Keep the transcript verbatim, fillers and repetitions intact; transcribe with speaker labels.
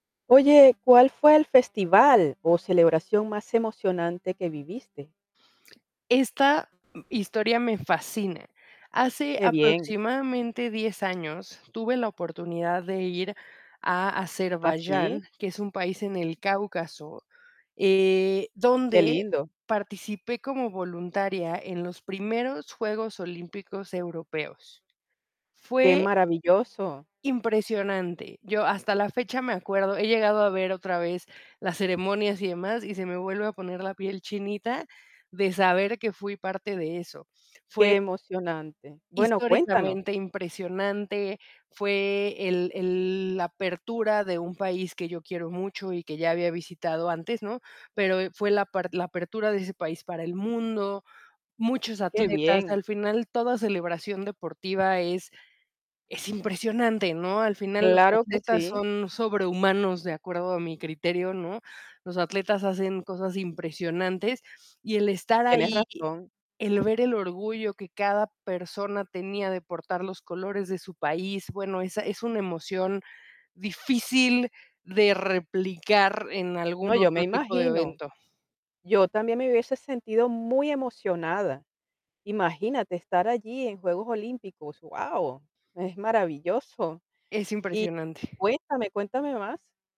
Speaker 1: Oye, ¿cuál fue al festival o celebración más emocionante que viviste?
Speaker 2: Esta m historia me fascina. Hace,
Speaker 1: Qué bien.
Speaker 2: aproximadamente, diez años, tuve la oportunidad de ir a
Speaker 1: ¿Ah, sí?
Speaker 2: Azerbaiyán, que es un país en el Cáucaso, eh,
Speaker 1: Qué
Speaker 2: donde
Speaker 1: lindo.
Speaker 2: participé como voluntaria en los primeros Juegos Olímpicos Europeos.
Speaker 1: Qué
Speaker 2: Fue
Speaker 1: maravilloso.
Speaker 2: impresionante. Yo, hasta la fecha, me acuerdo he llegado a ver otra vez las ceremonias y demás, y se me vuelve a poner la piel chinita, de saber que fui parte de eso. Fue
Speaker 1: Qué emocionante. Bueno, cuéntanos.
Speaker 2: históricamente impresionante, fue el el la apertura de un país que yo quiero mucho y que ya había visitado antes, ¿no? Pero, eh, fue la par la apertura de ese país para el mundo, muchos
Speaker 1: Qué
Speaker 2: atletas.
Speaker 1: bien.
Speaker 2: Al final, toda celebración deportiva es es impresionante, ¿no? Al final, los
Speaker 1: Claro que
Speaker 2: atletas
Speaker 1: sí.
Speaker 2: son sobrehumanos, de acuerdo a mi criterio, ¿no? Los atletas hacen cosas impresionantes, y el estar
Speaker 1: Tienes
Speaker 2: ahí,
Speaker 1: razón.
Speaker 2: el ver el orgullo que cada persona tenía de portar los colores de su país, bueno, esa es una emoción difícil de replicar en
Speaker 1: No,
Speaker 2: algún
Speaker 1: yo me
Speaker 2: otro tipo de
Speaker 1: imagino.
Speaker 2: evento.
Speaker 1: Yo también me hubiese sentido muy emocionada. Imagínate estar allí, en juegos olímpicos, wao, es maravilloso.
Speaker 2: Es
Speaker 1: Y
Speaker 2: impresionante.
Speaker 1: cuéntame, cuéntame más.